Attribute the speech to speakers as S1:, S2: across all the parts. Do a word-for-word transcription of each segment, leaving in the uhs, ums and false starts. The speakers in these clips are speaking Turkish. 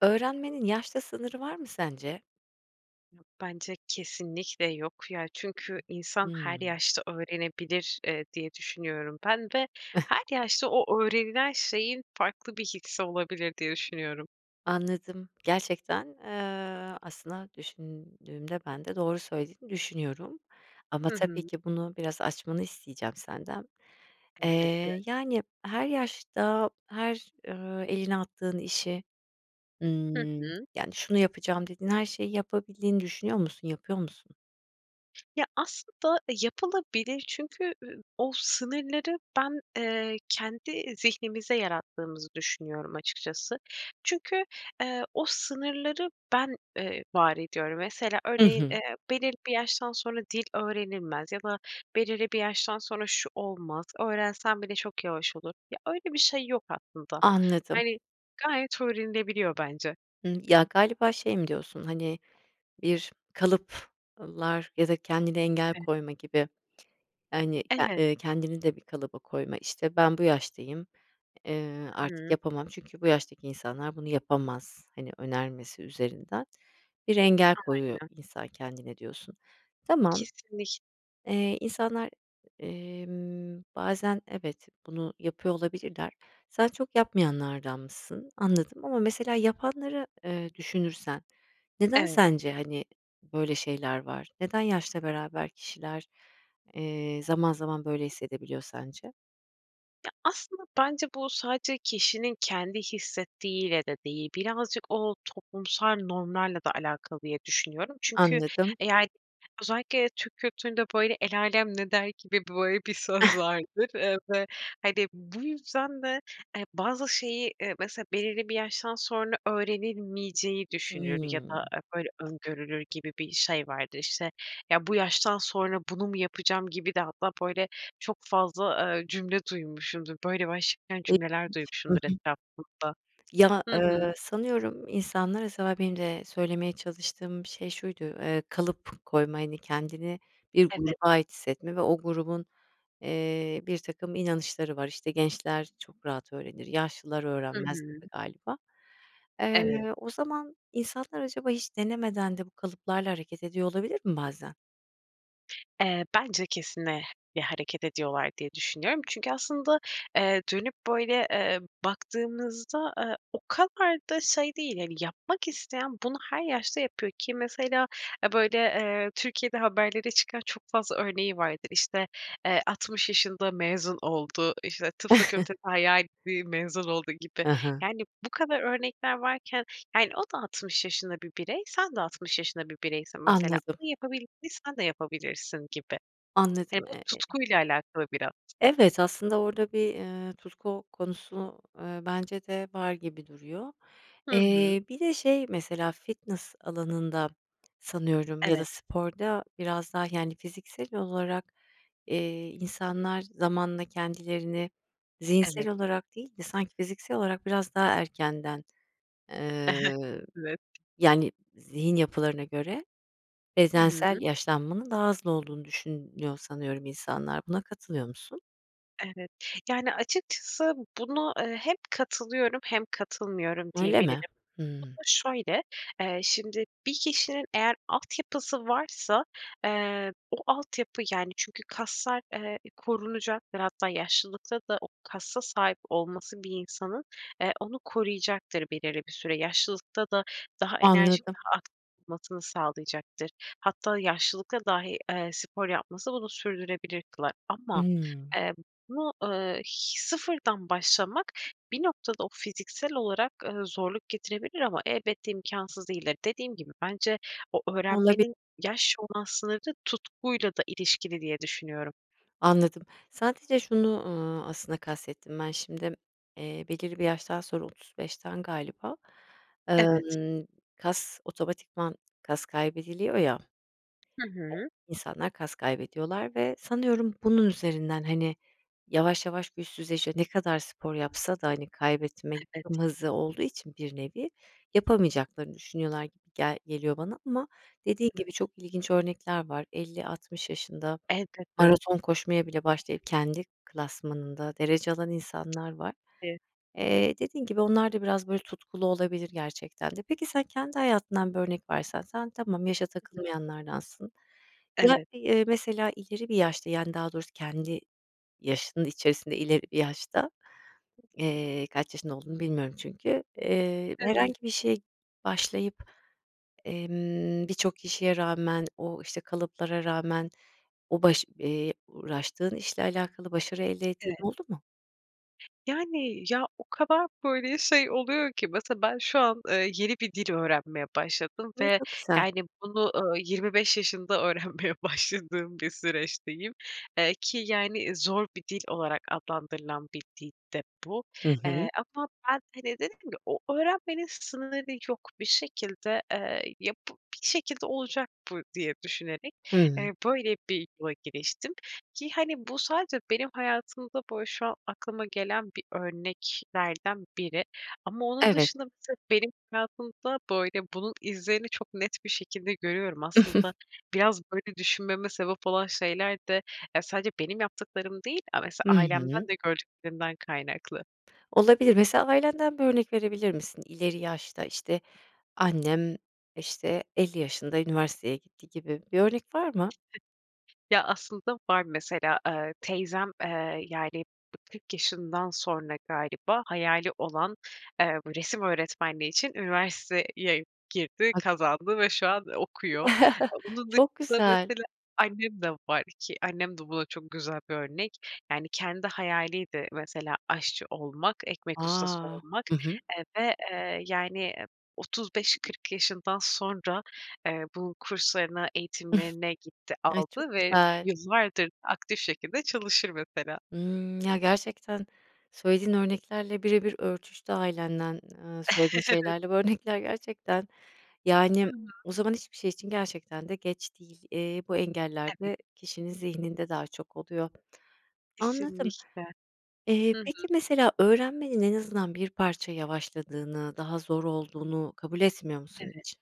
S1: Öğrenmenin yaşla sınırı var mı sence?
S2: Yok. Bence kesinlikle yok ya. Çünkü insan her
S1: Hıı.
S2: yaşta öğrenebilir, ııı, diye düşünüyorum. Ben de her yaşta o öğrenilen şeyin farklı bir hissi olabilir diye düşünüyorum.
S1: Anladım. Gerçekten, eee, aslında düşündüğümde ben de doğru söylediğini düşünüyorum. Ama
S2: Hı
S1: tabii
S2: hı.
S1: ki bunu biraz açmanı isteyeceğim senden. Eee,
S2: Elbette.
S1: yani, her yaşta, her, ııı, elini attığın işi,
S2: Hı
S1: ımm,
S2: hı.
S1: yani, şunu yapacağım dediğin her şeyi yapabildiğini düşünüyor musun, yapıyor musun?
S2: Ya, aslında yapılabilir. Çünkü, ııı, o sınırları ben, eee, kendi zihnimizde yarattığımızı düşünüyorum açıkçası. Çünkü, ııı, o sınırları ben, ııı, var ediyorum. Mesela
S1: Hı
S2: örneğin,
S1: hı.
S2: eee, belirli bir yaştan sonra dil öğrenilmez ya da belirli bir yaştan sonra şu olmaz. Öğrensem bile çok yavaş olur. Ya, öyle bir şey yok aslında.
S1: Anladım.
S2: Hani, gayet öğrenilebiliyor bence.
S1: Hımm. Ya, galiba şey mi diyorsun? Hani, bir kalıplar ya da kendine engel
S2: Evet.
S1: koyma gibi, hani, a
S2: Evet.
S1: ııı, kendini de bir kalıba koyma, işte, ben bu yaştayım, eee,
S2: Hı
S1: artık
S2: hı.
S1: yapamam çünkü bu yaştaki insanlar bunu yapamaz. Hani, önermesi üzerinden bir engel koyuyor
S2: Aynen.
S1: insan kendine diyorsun. Tamam.
S2: Kesinlik
S1: Eee, insanlar, emm, bazen evet, bunu yapıyor olabilirler. Sen çok yapmayanlardanmışsın. Anladım ama mesela yapanları, eee, düşünürsen neden
S2: Evet.
S1: sence, hani, böyle şeyler var? Neden yaşla beraber kişiler, eee, zaman zaman böyle hissedebiliyor sence?
S2: Ya, aslında bence bu sadece kişinin kendi hissettiğiyle de değil. Birazcık o toplumsal normlarla da alakalı diye düşünüyorum. Çünkü
S1: Anladım.
S2: eğer özellikle Türk kültüründe, böyle, el âlem ne der gibi, böyle, bir söz vardır. Iıı, ve, hani, bu yüzden de, eee, bazı şeyi, eee, mesela belirli bir yaştan sonra öğrenilmeyeceği düşünülür ya da,
S1: Hımm.
S2: eee, böyle, öngörülür gibi bir şey vardır. İşte, ya, bu yaştan sonra bunu mu yapacağım gibi de hatta, böyle, çok fazla, eee, cümle duymuşumdur. Böyle başlayan
S1: E
S2: cümleler
S1: [unintelligible] Hı hı.
S2: duymuşumdur etrafımda.
S1: Ya,
S2: Hı hı.
S1: ııı, sanıyorum insanlara benim de söylemeye çalıştığım şey şuydu, eee, kalıp koyma, hani, kendini bir gruba
S2: Evet.
S1: ait hissetme ve o grubun, eee, birtakım inanışları var. İşte, gençler çok rahat öğrenir, yaşlılar
S2: Hı
S1: öğrenmez
S2: hı.
S1: gibi galiba.
S2: Evet.
S1: Eee, o zaman insanlar acaba hiç denemeden de bu kalıplarla hareket ediyor olabilir mi bazen?
S2: Eee, bence kesin, eee, bir hareket ediyorlar diye düşünüyorum. Çünkü aslında, eee, dönüp böyle, eee, baktığımızda, eee, o kadar da şey değil. Hani, yapmak isteyen bunu her yaşta yapıyor ki mesela ya böyle Türkiye'de haberlere çıkan çok fazla örneği vardı. İşte, eee, altmış yaşında mezun oldu, işte tıp fakültesi hayaliydi, mezun oldu gibi.
S1: Hı hı.
S2: Yani, bu kadar örnekler varken, yani, o da altmış yaşında bir birey, sen de altmış yaşında bir bireysin mesela.
S1: Anladım.
S2: Onun yapabildiğini sen de yapabilirsin gibi. Yani,
S1: Anladım,
S2: bu
S1: eee
S2: tutkuyla alakalı biraz.
S1: Evet, aslında orada bir, eee, tutku konusu, eee, bence de var gibi duruyor.
S2: Hı hı.
S1: Eee, bir de şey mesela fitness alanında sanıyorum ya da
S2: Evet.
S1: sporda biraz daha, yani, fiziksel olarak, eee, insanlar zamanla kendilerini zihinsel
S2: Evet.
S1: olarak değil de sanki fiziksel olarak biraz daha erkenden, ııı,
S2: Evet.
S1: yani, zihin yapılarına göre
S2: Hı
S1: bezdensel
S2: hı.
S1: yaşlanmanın daha hızlı olduğunu düşünüyor sanıyorum insanlar. Buna katılıyor musun?
S2: Evet. Yani, açıkçası buna, eee, hem katılıyorum hem katılmıyorum
S1: Öyle mi?
S2: diyebilirim. Bu
S1: Hımm.
S2: da şöyle, eee, şimdi bir kişinin eğer altyapısı varsa, eee, o altyapı yani çünkü kaslar, eee, korunacaktır. Hatta yaşlılıkta da o kasa sahip olması bir insanın, eee, onu koruyacaktır belirli bir süre. Yaşlılıkta da daha enerjik,
S1: Anladım.
S2: daha aktif olmasını sağlayacaktır. Hatta yaşlılıkta dahi, eee, spor yapması bunu sürdürebilir kılar. Ama
S1: Hımm.
S2: emm buna, eee, h sıfırdan başlamak bir noktada o fiziksel olarak, eee, zorluk getirebilir ama elbette imkânsız değildir. Dediğim gibi bence o
S1: Olabi
S2: öğrenmenin yaş olan sınırı tutkuyla da ilişkili diye düşünüyorum.
S1: Anladım, sadece şunu, eee, aslında kastettim ben şimdi, eee, belirli bir yaştan sonra otuz beşten galiba,
S2: Evet.
S1: emm, kas otomatikman kas kaybediliyor ya,
S2: Hı hı.
S1: insanlar kas kaybediyorlar ve sanıyorum bunun üzerinden, hani, yavaş yavaş güçsüzleşiyor, ne kadar spor yapsa da, hani, kaybetme
S2: Evet.
S1: [unintelligible] olduğu için bir nevi, yapamayacaklarını düşünüyorlar gibi gel geliyor bana. Ama
S2: Hı
S1: dediğin
S2: hı.
S1: gibi çok ilginç örnekler var. elli altmış yaşında
S2: Elbette.
S1: maraton koşmaya bile başlayıp kendi klasmanında derece alan insanlar var.
S2: [unintelligible]
S1: Eee, dediğin gibi onlar da biraz böyle tutkulu olabilir gerçekten de. Peki sen kendi hayatından bir örnek versen, sen tamam, yaşa
S2: Hı hı.
S1: takılmayanlardansın. Ya,
S2: Evet.
S1: eee, mesela ileri bir yaşta, yani daha doğrusu kendi yaşının içerisinde ileri yaşta,
S2: [unintelligible]
S1: eee, kaç yaşında olduğunu bilmiyorum çünkü, eee,
S2: Evet.
S1: herhangi bir şeye başlayıp, emm, birçok kişiye rağmen, o işte kalıplara rağmen o baş eee, uğraştığın işle alakalı başarı elde ettiğin
S2: Evet.
S1: oldu mu?
S2: Yani. Ya, o kadar, böyle, şey oluyor ki mesela ben şu an, eee, yeni bir dil öğrenmeye başladım
S1: Hımm,
S2: ve
S1: çok güzel.
S2: yani, bunu, ııı, yirmi beş yaşında öğrenmeye başladığım bir süreçteyim. Eee, ki yani, zor bir dil olarak adlandırılan bir dil de bu.
S1: Hı hı.
S2: Eee, ama ben, hani, dedim ki, o öğrenmenin sınırı yok. Bir şekilde, eee, yapıp bir şekilde olacak bu diye düşünerek,
S1: Hımm.
S2: eee, böyle, bir yola giriştim. Ki, hani, bu sadece benim hayatımda, böyle, şu an aklıma gelen bir örneklerden biri ama onun dışında
S1: Evet.
S2: mesela benim hayatımda, böyle, bunun izlerini çok net bir şekilde görüyorum. Aslında biraz böyle düşünmeme sebep olan şeyler de, yani, sadece benim yaptıklarım değil, a mesela
S1: Hı hı.
S2: ailemden de gördüklerimden kaynaklı.
S1: Olabilir. Mesela ailenden bir örnek verebilir misin? "İleri yaşta, işte, annem, işte, elli yaşında üniversiteye gitti." gibi bir örnek var mı?
S2: Ya, aslında var. Mesela, eee, teyzem, eee, yani, kırk yaşından sonra galiba hayali olan, eee, resim öğretmenliği için üniversiteye girdi,
S1: [unintelligible]
S2: kazandı ve şu an okuyor. Bunun
S1: Çok
S2: dışında
S1: güzel.
S2: mesela annem de var ki annem de buna çok güzel bir örnek. Yani, kendi hayaliydi mesela aşçı olmak, ekmek ustası
S1: A!
S2: olmak,
S1: Hı hı.
S2: eee, ve, eee, yani, otuz beş kırk yaşından sonra, eee, bu kurslarına eğitimlerine gitti,
S1: Ay, çok
S2: aldı ve
S1: güzel.
S2: yıllardır aktif şekilde çalışır mesela.
S1: Hımm. Ya, gerçekten, söylediğin örneklerle birebir örtüştü ailenden, eee, söylediğin
S2: Evet.
S1: şeylerle bu örnekler. Gerçekten.
S2: Hı
S1: Yani,
S2: hı.
S1: o zaman hiçbir şey için gerçekten de geç değil. Eee, bu engeller
S2: Evet.
S1: de kişinin zihninde daha çok oluyor. Anladım.
S2: Kesinlikle.
S1: Eee,
S2: Hı hı.
S1: peki, mesela öğrenmenin en azından bir parça yavaşladığını, daha zor olduğunu kabul etmiyor musun
S2: Evet.
S1: hiç?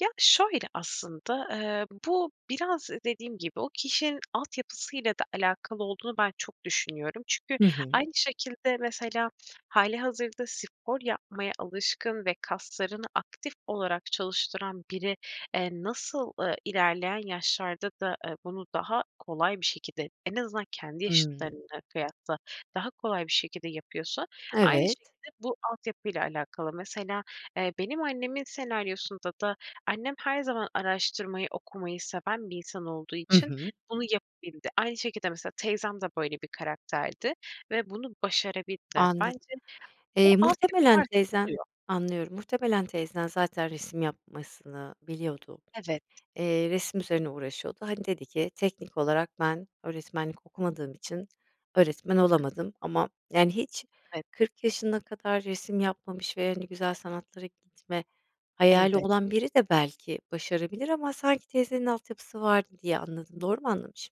S2: Ya, şöyle, aslında, eee, bu biraz dediğim gibi, o kişinin altyapısıyla da alakalı olduğunu ben çok düşünüyorum. Çünkü
S1: Hı hı.
S2: aynı şekilde mesela hâlihazırda spor yapmaya alışkın ve kaslarını aktif olarak çalıştıran biri, eee, nasıl, ııı, ilerleyen yaşlarda da, eee, bunu daha kolay bir şekilde, en azından kendi
S1: Hımm.
S2: yaşıtlarına kıyasla, daha kolay bir şekilde yapıyorsa aynı şekilde
S1: Evet.
S2: bu altyapıyla alakalı. Mesela, eee, benim annemin senaryosunda da annem her zaman araştırmayı, okumayı seven bir insan olduğu
S1: Hı
S2: için
S1: hı.
S2: bunu yapabildi. Aynı şekilde mesela teyzem de böyle bir karakterdi ve bunu başarabildiler.
S1: Anladım.
S2: Bence bu,
S1: Eee,
S2: altyapı
S1: muhtemelen
S2: varsa
S1: teyzen
S2: oluyor.
S1: anlıyorum. Muhtemelen teyzen zaten resim yapmasını biliyordu.
S2: Evet.
S1: Eee, resim üzerine uğraşıyordu. Hani, dedi ki "Teknik olarak ben öğretmenlik okumadığım için öğretmen
S2: Hıh.
S1: olamadım ama" yani, hiç
S2: Evet.
S1: kırk yaşına kadar resim yapmamış ve, hani, güzel sanatlara gitme hayali
S2: Elbette.
S1: olan biri de belki başarabilir ama sanki teyzenin altyapısı vardı diye anladım. Doğru mu anlamışım?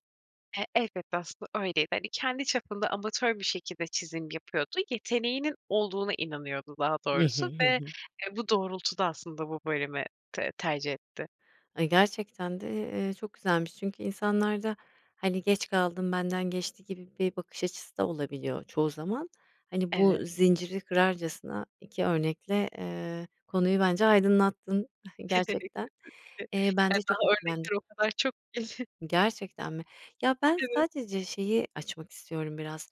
S2: E, elbette aslında öyleydi. Hani, kendi çapında amatör bir şekilde çizim yapıyordu. Yeteneğinin olduğuna inanıyordu daha
S1: I hı,
S2: doğrusu ve,
S1: hı hı.
S2: eee, bu doğrultuda aslında bu bölümü te tercih etti.
S1: Ay, gerçekten de, eee, çok güzelmiş çünkü insanlarda, hani, geç kaldım, benden geçti gibi bir bakış açısı da olabiliyor çoğu zaman. Hani, bu
S2: Evet.
S1: zinciri kırarcasına iki örnekle, eee, konuyu bence aydınlattın gerçekten.
S2: [unintelligible]
S1: Eee, ben
S2: Ya,
S1: de
S2: daha
S1: çok etkilendim.
S2: örnekler o kadar çok ki.
S1: Gerçekten mi? Ya, ben
S2: Evet.
S1: sadece şeyi açmak istiyorum biraz.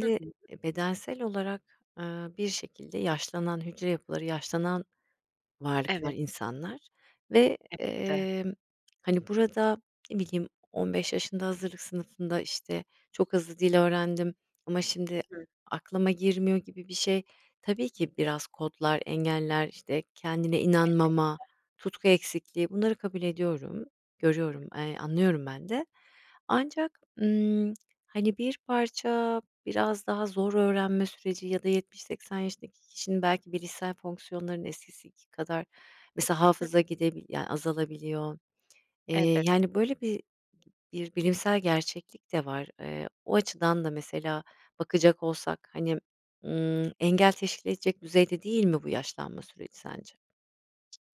S2: Hı hı.
S1: eee, bedensel olarak, aaa, bir şekilde yaşlanan hücre yapıları, yaşlanan varlıklar
S2: Evet.
S1: insanlar ve,
S2: Elbette.
S1: emm, hani, burada, ne bileyim, on beş yaşında hazırlık sınıfında, işte, çok hızlı dil öğrendim ama şimdi
S2: Hıı.
S1: aklıma girmiyor gibi bir şey. Tabii ki biraz kodlar, engeller, işte, kendine inanmama,
S2: Elbette.
S1: tutku eksikliği bunları kabul ediyorum,
S2: Hıı.
S1: görüyorum, eee, anlıyorum ben de. Ancak ımm, hani, bir parça biraz daha zor öğrenme süreci ya da yetmiş seksen yaşındaki kişinin belki bilişsel fonksiyonlarının eskisiki kadar mesela
S2: Hı
S1: hafıza gidebil ya, azalabiliyor. Eee,
S2: Elbet
S1: yani, böyle bir bir bilimsel gerçeklik de var, eee, o açıdan da mesela bakacak olsak, hani, ımm, engel teşkil edecek düzeyde değil mi bu yaşlanma süreci sence?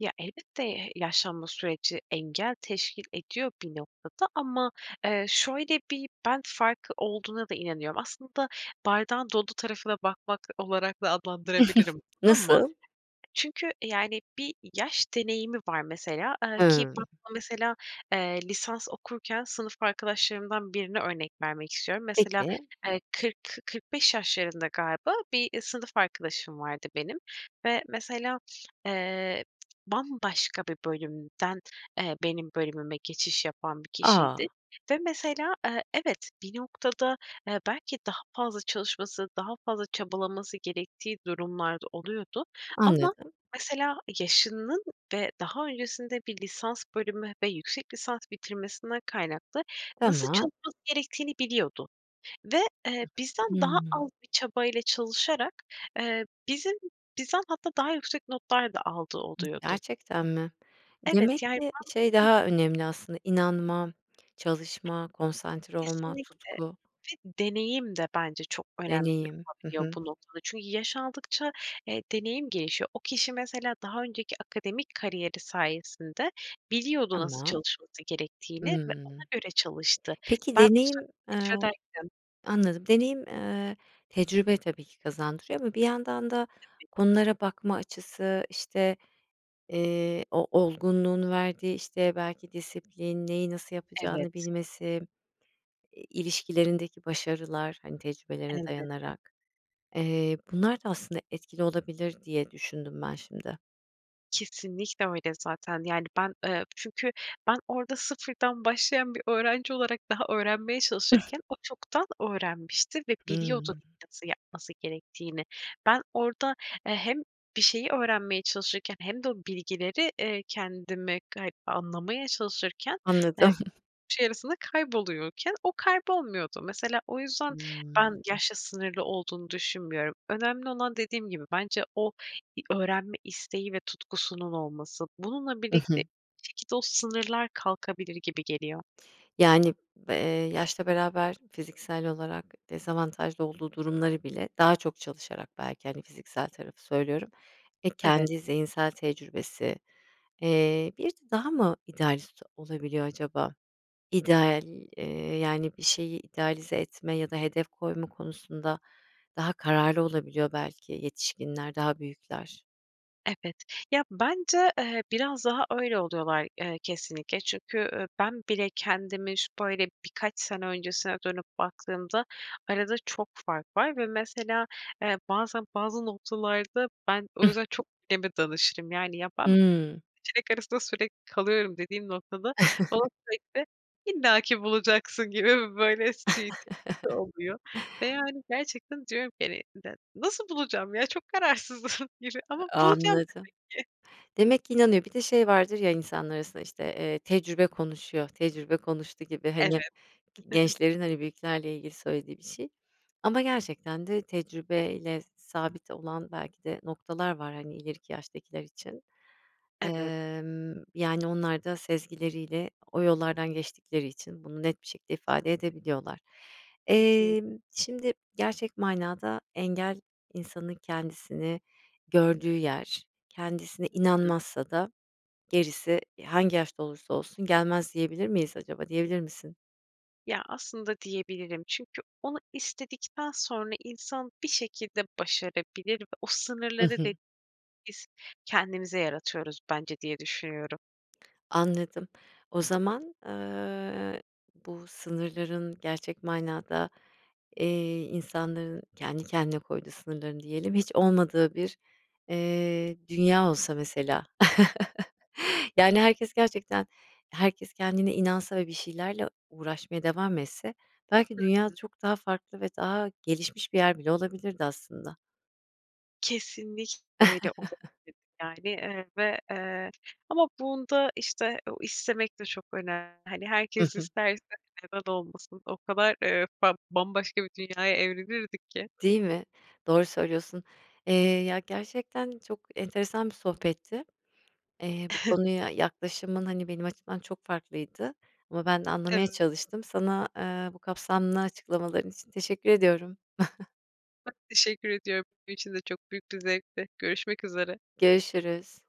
S2: Ya, elbette, eee, yaşlanma süreci engel teşkil ediyor bir noktada. Ama, eee, şöyle bir "ben" farkı olduğuna da inanıyorum. Aslında bardağın dolu tarafına bakmak olarak da adlandırabilirim bunu ama.
S1: Nasıl?
S2: Çünkü yani, bir yaş deneyimi var mesela, eee, ki ben
S1: Hımm.
S2: burada mesela, eee, lisans okurken sınıf arkadaşlarımdan birini örnek vermek istiyorum. Mesela,
S1: Peki.
S2: eee, kırk kı kırk beş yaşlarında galiba bir sınıf arkadaşım vardı benim ve mesela, eee, bambaşka bir bölümden, eee, benim bölümüme geçiş yapan bir kişiydi.
S1: A.
S2: Ve mesela, eee, evet bir noktada, eee, belki daha fazla çalışması daha fazla çabalaması gerektiği durumlar da oluyordu. Ama
S1: Anladım.
S2: mesela yaşının ve daha öncesinde bir lisans bölümü ve yüksek lisans bitirmesinden kaynaklı nasıl
S1: Tamam.
S2: çalışması gerektiğini biliyordu ve, eee, bizden daha
S1: Hıı.
S2: az bir çabayla çalışarak, eee, bizim bizden hatta daha yüksek notlar da aldığı
S1: Hıı,
S2: oluyordu.
S1: gerçekten mi?
S2: Evet,
S1: Demek
S2: yani,
S1: ki, şey,
S2: ben Hı hı.
S1: daha önemli aslında, inanma, çalışma, konsantre olma,
S2: Kesinlikle
S1: tutku
S2: ve deneyim de bence çok önemli
S1: deneyim. Hı
S2: olabiliyor
S1: hı.
S2: bu noktada. Çünkü yaş aldıkça, eee, deneyim gelişiyor. O kişi mesela daha önceki akademik kariyeri sayesinde biliyordu nasıl
S1: Tamam.
S2: çalışması gerektiğini ve ona
S1: Hımm.
S2: göre çalıştı.
S1: Peki
S2: Ben
S1: deneyim eee,
S2: [unintelligible]
S1: anladım. Deneyim, eee, tecrübe tabii ki kazandırıyor. Ama bir yandan da
S2: Tabii.
S1: konulara bakma açısı, işte, eee, o olgunluğun verdiği işte belki disiplin, neyi nasıl yapacağını
S2: Evet.
S1: bilmesi, i ilişkilerindeki başarılar, hani tecrübelerine
S2: Elbette.
S1: dayanarak. Eee, bunlar da aslında etkili olabilir diye düşündüm ben şimdi.
S2: Kesinlikle öyle zaten, yani, ben, ııı, çünkü ben orada sıfırdan başlayan bir öğrenci olarak daha öğrenmeye çalışırken o çoktan öğrenmişti ve biliyordu
S1: Hımm.
S2: nasıl yapması gerektiğini. Ben orada, eee, hem bir şeyi öğrenmeye çalışırken hem de o bilgileri, eee, kendime kay anlamaya çalışırken, eee,
S1: Anladım.
S2: [unintelligible] şey arasında kayboluyorken o kaybolmuyordu. Mesela o yüzden
S1: Hımm.
S2: ben yaşla sınırlı olduğunu düşünmüyorum. Önemli olan dediğim gibi bence o i öğrenme isteği ve tutkusunun olması. Bununla
S1: Hı
S2: birlikte
S1: hı.
S2: bir şekilde o sınırlar kalkabilir gibi geliyor.
S1: Yani, b ııı, yaşla beraber fiziksel olarak dezavantajlı olduğu durumları bile daha çok çalışarak belki, hani, fiziksel tarafı söylüyorum, e,
S2: Evet.
S1: kendi zihinsel tecrübesi, eee, bir de daha mı idealist olabiliyor acaba? İdeal, ııı, yani, bir şeyi idealize etme ya da hedef koyma konusunda daha kararlı olabiliyor belki yetişkinler daha büyükler.
S2: Evet, ya bence, eee, biraz daha öyle oluyorlar, eee, kesinlikle. Çünkü ü ben bile kendimi şu böyle birkaç sene öncesine dönüp baktığımda arada çok fark var ve mesela, eee, bazen bazı noktalarda ben o yüzden çok anneme danışırım. Yani, ya, ben iki
S1: Hımm.
S2: seçenek arasında sürekli kalıyorum dediğim noktada bana sürekli "illaki bulacaksın" gibi böyle şeyi, tepkisi oluyor. Ve, yani, gerçekten diyorum ki hani, [unintelligible] nasıl bulacağım ya? Çok kararsızım gibi ama
S1: A
S2: bulacağım demek
S1: anladım.
S2: ki.
S1: Demek ki inanıyor, bir de şey vardır ya insanların arasında işte, eee, tecrübe konuşuyor, tecrübe konuştu gibi,
S2: Evet.
S1: hani, gi gençlerin, hani, büyüklerle ilgili söylediği bir şey. Ama gerçekten de tecrübe ile sabit olan belki de noktalar var, hani, ileriki yaştakiler için.
S2: Evet.
S1: Imm, yani onlar da sezgileriyle o yollardan geçtikleri için bunu net bir şekilde ifade
S2: [unintelligible]
S1: edebiliyorlar.
S2: Kesinlik
S1: Emm, şimdi gerçek manada engel, insanın kendisini gördüğü yer, kendisine
S2: Hı hı.
S1: inanmazsa da gerisi, eee, hangi yaşta olursa olsun gelmez diyebilir miyiz acaba, diyebilir misin?
S2: Ya, aslında diyebilirim. Çünkü onu istedikten sonra insan bir şekilde başarabilir ve o
S1: I
S2: sınırları
S1: hı.
S2: de biz kendimize yaratıyoruz bence diye düşünüyorum.
S1: Anladım. O zaman, eee, bu sınırların gerçek manada, eee, insanların kendi kendine koyduğu sınırlarını diyelim, hiç olmadığı bir, eee, dünya olsa mesela.
S2: Hı.
S1: Yani, herkes gerçekten herkes kendine inansa ve bir şeylerle uğraşmaya devam etse belki
S2: Hı
S1: dünya
S2: hı.
S1: çok daha farklı ve daha gelişmiş bir yer bile olabilirdi aslında.
S2: Kesinlikle öyle olabilir. Yani, eee, ve, eee, ama bunda, işte, o istemek de çok önemli. Hani,
S1: Hı
S2: herkes
S1: hı.
S2: isterse neden olmasın? O kadar, eee, fa bambaşka bir dünyaya evrilirdik ki.
S1: Değil mi? Doğru söylüyorsun. Eee, ya, gerçekten çok enteresan bir sohbetti. Eee, bu konuya yaklaşımın, hani, benim açımdan çok farklıydı ama ben de anlamaya
S2: Evet.
S1: çalıştım. Sana, eee, bu kapsamlı açıklamaların için teşekkür ediyorum.
S2: Ben teşekkür ediyorum. Benim için de çok büyük bir zevkti. Görüşmek üzere.
S1: Görüşürüz.